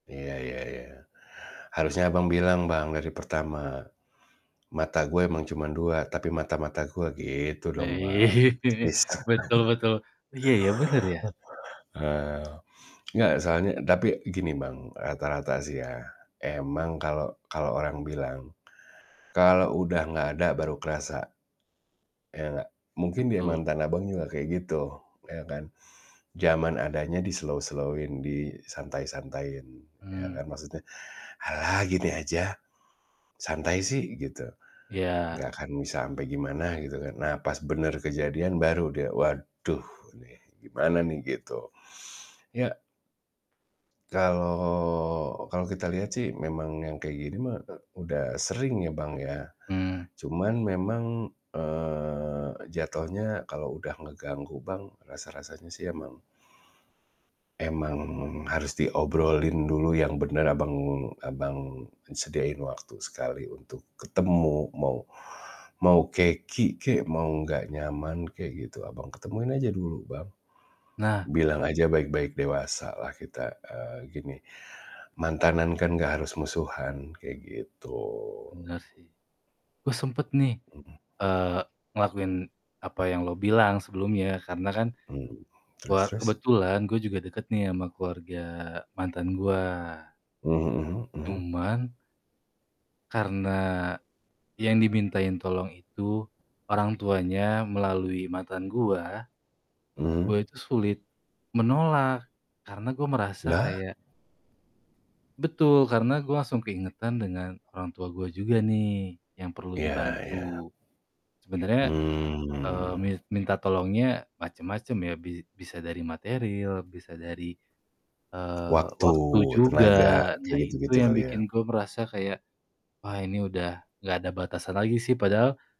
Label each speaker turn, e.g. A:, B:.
A: Iya iya iya. Harusnya Abang bilang Bang, dari pertama, "Mata gue emang cuman 2 tapi mata mata gue" gitu
B: Nah,
A: dong Bang.
B: ini,
A: His
B: betul betul. Iya ya, bener ya.
A: Eee, nggak, soalnya tapi, gini Bang, rata-rata sih ya, emang kalau kalau orang bilang, "Kalau udah nggak ada, baru kerasa," ya nggak? Mungkin dia
B: Betul.
A: mantan Abang juga kayak gitu, ya kan? Jaman adanya di-slow-slow-in, disantai-santaiin, ya
B: Mmm.
A: kan? Maksudnya, "Ah gini aja, santai sih," gitu, nggak
B: Iya.
A: akan bisa ampe gimana, gitu kan. Nah, pas bener kejadian baru dia, "Waduh nih, gimana nih?" Gitu. Ya Kalau kalau kita lihat sih memang yang kayak gini mah, e udah sering ya, Bang, ya.
B: Mmm.
A: Cuman memang, eee, jatohnya kalau udah ngeganggu Bang, rasa-rasanya sih, emang emang harus diobrolin dulu yang bener, Abang Abang sediain waktu sekali untuk ketemu. Mau mau keki kek, mau nggak nyaman kek, gitu, Abang ketemuin aja dulu Bang.
B: Nah.
A: Bilang aja baik-baik, dewasalah kita, eee, gini, "Mantanan kan nggak harus musuhan," kayak gitu.
B: Bener sih. Oh sempet nih,
A: Mhm.
B: eee, ngelakuin apa yang lo bilang sebelumnya. Karena kan,
A: Mmm, terus
B: war
A: terus?
B: kebetulan gue juga deket nih ama keluarga mantan gua.
A: Mhm mhm.
B: Cuman karena, yang dimintain tolong itu orang tuanya melalui mantan gua, gua
A: Mhm.
B: itu sulit menolak. Karena gua merasa
A: Lah?
B: kayak Betul, karena gua langsung keingetan dengan orang tua gue juga nih, yang perlu
A: Iya
B: dibantu.
A: iya.
B: Sebenernya, eee,
A: Mmm.
B: mis minta tolongnya macem-macem ya, bi bisa dari materil, bisa dari, eee,
A: Waktu,
B: waktu juga.
A: tenaga, kayak
B: Nah, itu
A: gitu-gitu
B: yang
A: kali ya?
B: bikin gue merasa kayak, "Wah, ini udah nggak ada batasan lagi sih," padahal